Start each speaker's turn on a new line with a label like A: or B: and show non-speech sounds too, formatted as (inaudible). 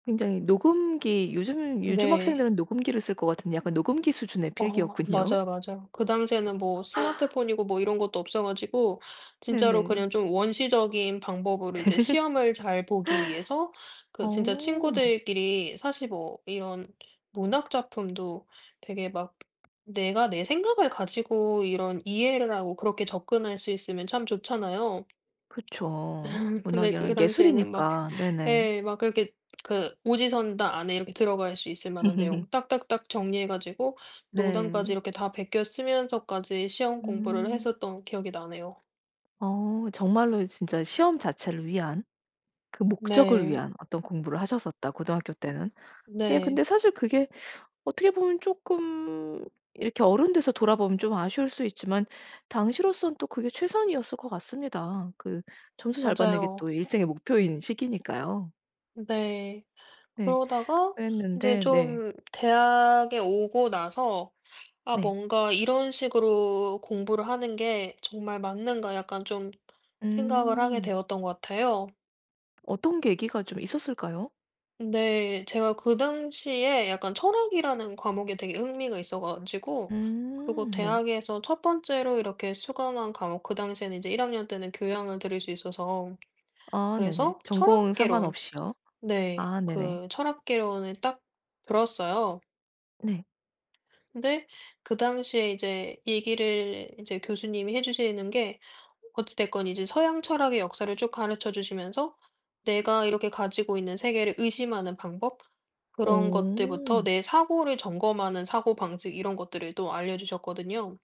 A: 굉장히 녹음기 요즘은 요즘
B: 네.
A: 학생들은 녹음기를 쓸 것 같은데 약간 녹음기 수준의
B: 어
A: 필기였군요.
B: 맞아요, 맞아요. 그 당시에는 뭐 스마트폰이고 뭐 이런 것도 없어 가지고 진짜로
A: 네네.
B: 그냥 좀 원시적인 방법으로 이제 시험을 잘 보기 위해서
A: (laughs)
B: 그 진짜
A: 어.
B: 친구들끼리 사실 뭐 이런 문학 작품도 되게 막 내가 내 생각을 가지고 이런 이해를 하고 그렇게 접근할 수 있으면 참 좋잖아요.
A: 그쵸.
B: (laughs) 근데
A: 문학이랑
B: 그 당시에는 막
A: 예술이니까. 네네.
B: 예 막 그렇게 그 오지선다 안에 이렇게 들어갈 수 있을 만한 내용 딱딱딱
A: (laughs)
B: 정리해 가지고 농담까지
A: 네.
B: 이렇게 다 베껴 쓰면서까지 시험 공부를
A: 음.
B: 했었던 기억이 나네요.
A: 어 정말로 진짜 시험 자체를 위한 그 목적을
B: 네.
A: 위한 어떤 공부를 하셨었다, 고등학교 때는. 예 근데
B: 네.
A: 사실 그게 어떻게 보면 쪼끔 이렇게 어른 돼서 돌아보면 좀 아쉬울 수 있지만 당시로서는 또 그게 최선이었을 것 같습니다. 그 점수 잘 받는 게
B: 맞아요.
A: 또 일생의 목표인 시기니까요.
B: 네.
A: 네.
B: 그러다가 이제
A: 그랬는데 네.
B: 좀 대학에 오고 나서 '아
A: 네.
B: 뭔가 이런 식으로 공부를 하는 게 정말 맞는가.' 약간 좀 생각을 하게
A: 음.
B: 되었던 것 같아요.
A: 어떤 계기가 좀 있었을까요?
B: 네. 제가 그 당시에 약간 철학이라는 과목에 되게 흥미가 있어 가지고 그리고
A: 음 네.
B: 대학에서 1 번째로 이렇게 수강한 과목 그 당시에는 인제 1 학년 때는 교양을 들을 수 있어서
A: 아 네네.
B: 그래서
A: 전공
B: 철학 개론
A: 상관없이요?
B: 네
A: 아 네네.
B: 그 철학 개론을 딱 들었어요.
A: 네.
B: 근데 그 당시에 이제 얘기를 이제 교수님이 해주시는 게 어찌 됐건 이제 서양 철학의 역사를 쭉 가르쳐 주시면서 내가 이렇게 가지고 있는 세계를 의심하는 방법 그런 것들부터
A: 오.
B: 내 사고를 점검하는 사고방식 이런 것들을 또 알려주셨거든요.